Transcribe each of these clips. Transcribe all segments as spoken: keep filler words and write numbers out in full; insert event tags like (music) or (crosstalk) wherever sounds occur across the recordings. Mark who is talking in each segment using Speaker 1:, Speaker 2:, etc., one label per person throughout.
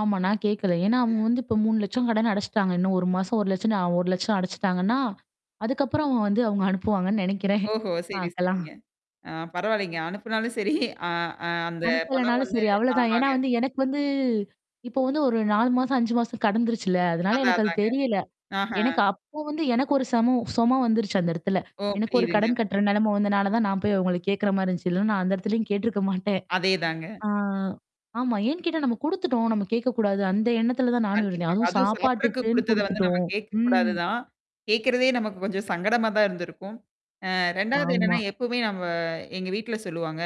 Speaker 1: ஆமா நான் கேட்கல. ஏன்னா, அவுங்க
Speaker 2: (unintelligible)
Speaker 1: வந்து இப்ப மூணு லட்சம் கடன அடச்சுட்டாங்க. இன்னும் ஒரு மாசம் ஒரு லட்சம்னு ஒரு லட்சம் அடச்சுட்டாங்கன்ன, அதுக்கப்புறம் வந்து அவுங்க அனுப்புவாங்கன்னு நெனைக்கிறேன்.
Speaker 2: ஓஹோ! சரி,
Speaker 1: பாக்கலாம்.
Speaker 2: சரிங்க. ஆ பரவால்லேங்க அனுப்புனாலும் சரி, அ அ அந்த பணம்
Speaker 1: அனுப்பலனாலும்
Speaker 2: வந்து
Speaker 1: சரி அவ்ளதான். ஏன்னா
Speaker 2: ஆமாங்க.
Speaker 1: வந்து எனக்கு வந்து இப்போ வந்து ஒரு நாலு மாசம், அஞ்சு மாசம் கடந்துருச்சுல. அதனால
Speaker 2: அதான்,
Speaker 1: எனக்கு அது
Speaker 2: அதாங்க.
Speaker 1: தெரியல.
Speaker 2: ஆஹா!
Speaker 1: எனக்கு அப்போ வந்து எனக்கு ஒரு சமோ சொம வந்துருச்சு அந்த இடத்துல.
Speaker 2: ஓ!
Speaker 1: எனக்கு ஒரு
Speaker 2: புரியுதுங்க.
Speaker 1: கடன் கட்டுற நெலைம வந்ததுனால தான் நான் போய் அவுங்கள கேட்கிறமாரி இருந்துச்சு (chuckles) இல்லன்னா நான் அந்த இடத்துலயும் கேட்ருக்க மாட்டேன்.
Speaker 2: அதே தாங்க.
Speaker 1: ஆ. ஆமா. ஏன்னு கேட்டா நம்ம குடுத்துட்டோம். நம்ம கேட்கக்கூடாது. அந்த எண்ணத்துல தான் நானும் இருந்தேன்.
Speaker 2: கண்டிப்பா.
Speaker 1: அதுவும்
Speaker 2: அதுவும் சாப்பிட்றதுக்கு
Speaker 1: சாப்பாட்டுக்குன்னு
Speaker 2: குடுத்தத வந்து நம்ம
Speaker 1: குடுத்துட்டோம். ம்.
Speaker 2: கேட்கக்கூடாது தான். கேட்கிறதே நமக்கு கொஞ்சம் சங்கடமா தான் இருந்திருக்கும். அ ரெண்டாவது
Speaker 1: ஆமா.
Speaker 2: என்னன்னா எப்பவுமே நம்ம எங்க வீட்ல சொல்லுவாங்க.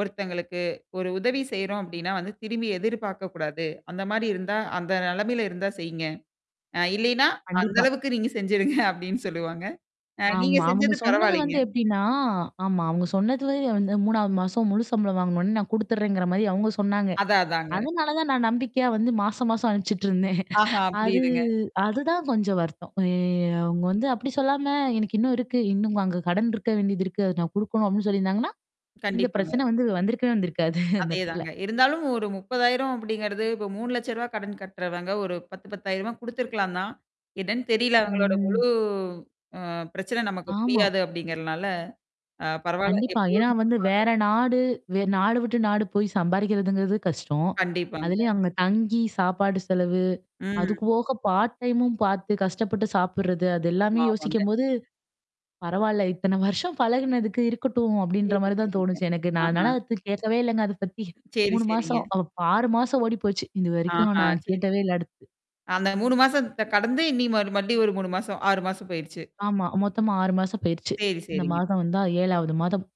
Speaker 2: ஒருத்தங்களுக்கு ஒரு உதவி செய்றோம் அப்பிடின்னா வந்து திரும்பி எதிர்பார்க்கக்கூடாது. அந்தமாரி இருந்தா, அந்த நிலைமையில இருந்தா செய்யிங்க. அ இல்லயின்னா, அந்த
Speaker 1: கண்டிப்பா.
Speaker 2: அளவுக்கு நீங்க செஞ்சுருங்க அப்பிடின்னு சொல்லுவாங்க. அ நீங்க
Speaker 1: ஆமா. அவுங்க
Speaker 2: செஞ்சது
Speaker 1: சொன்னது
Speaker 2: பரவாயில்லேங்க.
Speaker 1: வந்து எப்பிடின்னா, ஆமா அவுங்க சொன்னது வந்து வந்து மூணாவது மாசம் முழு சம்பளம் வாங்குனவுனே நான் குடுத்துர்றேங்கிற மாரி அவுங்க சொன்னாங்க.
Speaker 2: அதான், அதாங்க.
Speaker 1: அதனால தான் நான் நம்பிக்கையா வந்து மாசம் மாசம் அனுப்பிச்சுட்டு இருந்தேன்
Speaker 2: ஆஹா!
Speaker 1: அது
Speaker 2: புரியுதுங்க.
Speaker 1: அதுதான் கொஞ்சம் வருத்தம். ஏ அவுங்க வந்து அப்பிடி சொல்லாம எனக்கு இன்னும் இருக்கு. இன்னும் அங்க கடன் இருக்க வேண்டியது இருக்கு. அதது நான் குடுக்கணும் அப்பிடின்னு சொல்லிருந்தாங்கன்னா. இந்த
Speaker 2: கண்டிப்பாங்க.
Speaker 1: பிரச்சனை வந்து வந்திருக்கவே வந்திருக்காது அந்த
Speaker 2: அதே
Speaker 1: இடத்துல
Speaker 2: தாங்க. இருந்தாலும் ஒரு முப்பதாயிரம் அப்படிங்கிறது இப்ப மூணு லட்ச ரூபா கடன் கட்டுறவங்க. ஒரு பத்து பத்தாயிரமா குடுத்துருக்கலாந்தான். என்னனு தெரியல அவுங்களோட
Speaker 1: ம்,
Speaker 2: முழு
Speaker 1: ம்.
Speaker 2: அ பிரச்சனை நமக்கு
Speaker 1: ஆமா.
Speaker 2: புரியாது அப்பிடிங்கிறனால. அ பரவால்ல.
Speaker 1: கண்டிப்பா.
Speaker 2: எப்பிடியோ
Speaker 1: ஏன்னா வந்து
Speaker 2: (unintelligible)
Speaker 1: வேற நாடு வே நாடு விட்டு நாடு போய் சம்பாரிக்கிறதுங்கிறது கஷ்டம்.
Speaker 2: கண்டிப்பாங்க.
Speaker 1: அதிலயும் அங்க தங்கி சாப்பாடு செலவு.
Speaker 2: ம்.
Speaker 1: அதுக்கு போக பார்ட் டைமும் பார்த்து கஷ்டப்பட்டு சாப்புட்றது, அது எல்லாமே
Speaker 2: ஆமா, ஆமாங்க.
Speaker 1: யோசிக்கும்போது பரவால்ல. (chuckles) இத்தன வருஷம் பழகுனதுக்கு இருக்கட்டும் அப்பிடின்ற
Speaker 2: சரி,
Speaker 1: மாரி தான்
Speaker 2: சரிங்க.
Speaker 1: தோணுச்சு எனக்கு. நான்
Speaker 2: ஆஹா!
Speaker 1: அதனால அத கேட்கவே இல்லங்க அத பத்தி.
Speaker 2: சரி,
Speaker 1: மூணு மாசம்
Speaker 2: சரிங்க.
Speaker 1: அ ஆறு மாசம் ஓடிப்போச்சு. இதுவரைக்கும்
Speaker 2: ஆஹா!
Speaker 1: நான்
Speaker 2: சரிங்க.
Speaker 1: கேட்டவே இல்ல அடுத்து.
Speaker 2: அந்த மூணு மாசத்த கடந்து இன்னி மறு மறுடியும் ஒரு மூணு மாசம், ஆறு மாசம் போயிடுச்சு.
Speaker 1: ஆமா. மொத்தம் ஆறு மாசம் போயிருச்சு.
Speaker 2: சரி,
Speaker 1: இந்த
Speaker 2: சரிங்க.
Speaker 1: மாதம் வந்தா ஏழாவது மாதம்.